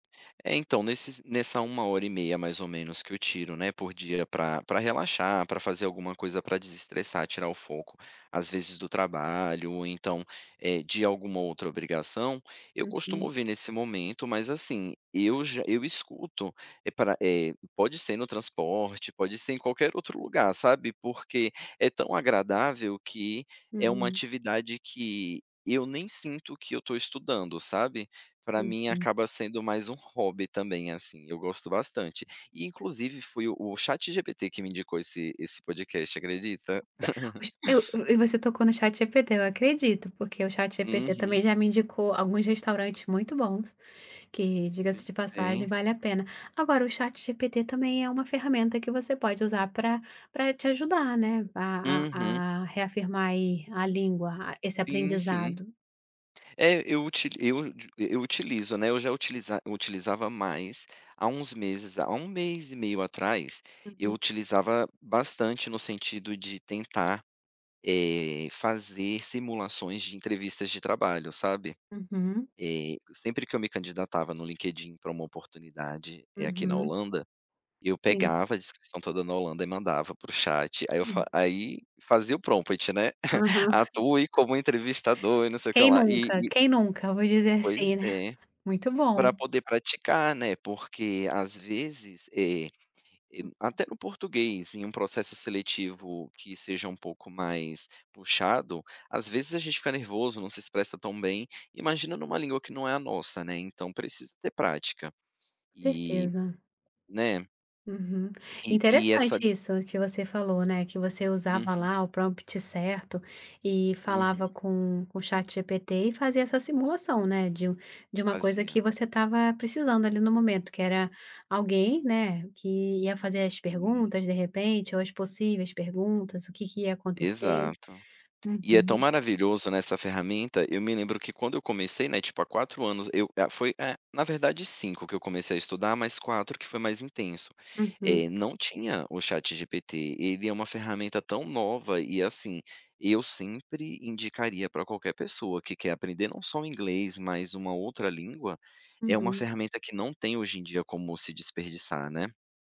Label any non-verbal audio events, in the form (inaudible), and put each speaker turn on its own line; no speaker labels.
É, então, nesses nessa 1 hora e meia, mais ou menos, que eu tiro, né, por dia pra pra relaxar, pra fazer alguma coisa pra desestressar, tirar o foco, às vezes do trabalho, ou então, eh, de alguma outra obrigação, eu costumo
Uhum.
ver nesse momento, mas assim, eu já eu escuto e pra, eh, pode ser no transporte, pode ser em qualquer outro lugar, sabe. Porque é tão agradável, que é uma
Uhum.
atividade que eu nem sinto que eu estou estudando, sabe. Pra mim
Uhum.
acaba sendo mais um hobby também, assim, eu gosto bastante. E inclusive foi o ChatGPT que me indicou esse esse podcast, acredita.
Ce
(laughs)
eu e você tocou no ChatGPT, eu acredito, porque o ChatGPT
Uhum.
também já me indicou alguns restaurantes muito bons, que,
Pois
diga-se de passagem,
é.
vale a pena. Agora o ChatGPT também é uma ferramenta que você pode usar pra pra te ajudar, né, a
Uhum.
a a reafirmar, aí, a língua, a esse
Sim, sim.
aprendizado.
É, eu uti eu eu utilizo, né, eu já utiliza utilizava mais, há uns meses há 1 mês e meio atrás, eu
Uhum.
utilizava bastante no sentido de tentar, eh, fazer simulações de entrevistas de trabalho, sabe.
Uhum.
Eh, sempre que eu me candidatava no LinkedIn pra uma oportunidade, eh, aqui na
Uhum.
Holanda, eu
Sim.
pegava a descrição toda na Holanda e mandava para o chat, aí eu fa
(unintelligible)
aí fazia o prompt, né. (chuckles)
Aham. (chuckles)
"Atue como entrevistador, e não sei o que
"Quem
lá", e
nunca?
e
Quem nunca?". Vou dizer
Pois
assim, né.
é.
Muito bom.
Pra poder praticar, né, porque às vezes, eh, e
Uhum.
até no português, em um processo seletivo que seja um pouco mais puxado, às vezes a gente fica nervoso, não se expressa tão bem, imagina numa língua que não é a nossa, né, então precisa ter prática. E
Certeza.
né.
Uhum.
E e
Interessante
essa
isso que você falou, né, que você usava
Uhum.
lá, o prompt certo, e falava
Uhum.
com com o ChatGPT e fazia essa simulação, né, de um de uma coisa que
Fazia.
você estava precisando, ali, no momento, que era
Uhum.
alguém, né, que ia fazer as
Hum.
perguntas, de repente, ou as possíveis perguntas, o que que ia acontecer.
Exato. E é tão
Uhum.
maravilhoso, né, essa ferramenta. Eu me lembro que quando eu comecei, né, tipo há 4 anos, eu, eh foi, eh, na verdade 5 que eu comecei a estudar, mas 4 que foi mais intenso.
Uhum.
Eh, não tinha o ChatGPT, ele é uma ferramenta tão nova, e assim, eu sempre indicaria pra qualquer pessoa que quer aprender, não só o inglês, mas uma outra língua, é uma
Uhum.
ferramenta que não tem hoje em dia como se desperdiçar, né.